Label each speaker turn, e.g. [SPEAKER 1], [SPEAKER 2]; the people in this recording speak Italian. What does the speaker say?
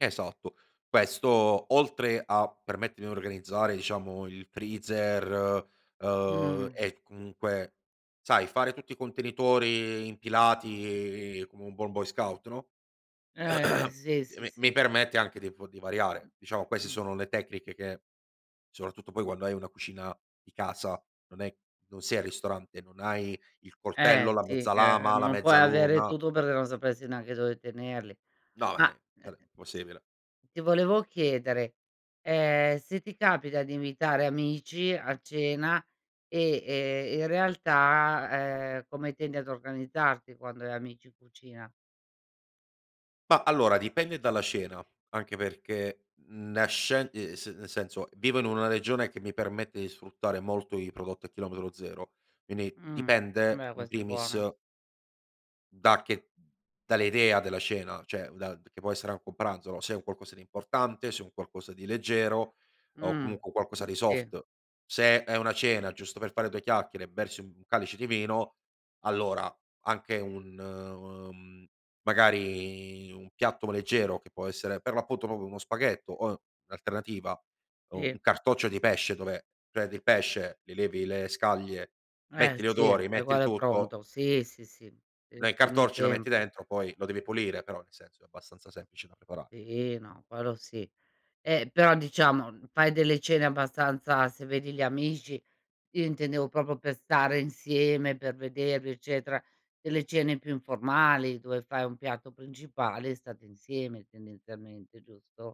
[SPEAKER 1] Esatto. Questo, oltre a permettermi di organizzare, diciamo, il freezer, uhm,
[SPEAKER 2] Mh.
[SPEAKER 1] e comunque sai, fare tutti i contenitori impilati come un buon boy scout, no,
[SPEAKER 2] Eh, eh, sì, sì,
[SPEAKER 1] mi mi
[SPEAKER 2] sì.
[SPEAKER 1] permette anche di po di variare. Diciamo queste
[SPEAKER 2] Mh.
[SPEAKER 1] sono le tecniche che soprattutto poi, quando hai una cucina di casa, non è non sei al ristorante, non hai il
[SPEAKER 2] Eh,
[SPEAKER 1] coltello, la
[SPEAKER 2] sì,
[SPEAKER 1] mezza
[SPEAKER 2] eh,
[SPEAKER 1] lama, la
[SPEAKER 2] non puoi avere
[SPEAKER 1] mezzaluna.
[SPEAKER 2] tutto, perché non sapresti neanche dove tenerli.
[SPEAKER 1] No
[SPEAKER 2] Ma,
[SPEAKER 1] [unintelligible]
[SPEAKER 2] eh,
[SPEAKER 1] sare
[SPEAKER 2] sì,
[SPEAKER 1] impossibile.
[SPEAKER 2] ti volevo chiedere, ehm, se ti capita di invitare amici a cena e e in realtà, ehm, come tendi ad organizzarti quando hai amici in cucina?
[SPEAKER 1] Ma, allora dipende dalla cena, anche perché nasce uhm, s es nel senso vivo in una regione che mi permette di sfruttare molto i prodotti a chilometro zero, quindi
[SPEAKER 2] Mh,
[SPEAKER 1] dipende
[SPEAKER 2] beh
[SPEAKER 1] in
[SPEAKER 2] questo è
[SPEAKER 1] primis
[SPEAKER 2] buono.
[SPEAKER 1] da che dall'idea della cena, cioè, da che può essere anche un pranzo, no, se è un qualcosa di importante, se è un qualcosa di leggero, o
[SPEAKER 2] Mh,
[SPEAKER 1] comunque qualcosa di
[SPEAKER 2] sì.
[SPEAKER 1] soft. Se è è una cena, giusto per fare due chiacchiere e bersi 1 calice di vino, allora anche un mhmm, magari un piatto leggero, che può essere per l'appunto proprio uno spaghetto, o in alternativa, u
[SPEAKER 2] Sì.
[SPEAKER 1] un cartoccio di pesce, dove prendi il pesce, li levi le scaglie,
[SPEAKER 2] Eh
[SPEAKER 1] metti gli
[SPEAKER 2] sì,
[SPEAKER 1] odori,
[SPEAKER 2] è
[SPEAKER 1] metti il
[SPEAKER 2] uguale al
[SPEAKER 1] tutto
[SPEAKER 2] pronto. Sì, sì, sì, ti
[SPEAKER 1] lo
[SPEAKER 2] risparmi
[SPEAKER 1] incartocci, lo metti
[SPEAKER 2] tempo.
[SPEAKER 1] dentro, poi lo devi pulire, però, nel senso è abbastanza semplice da preparare.
[SPEAKER 2] Sì, no, quello ,sì. Eh, però diciamo, fai delle cene abbastanza se vedi gli amici, io intendevo proprio per stare insieme, per vedervi eccetera; delle cene più informali, dove fai un piatto principale e state insieme tendenzialmente, giusto?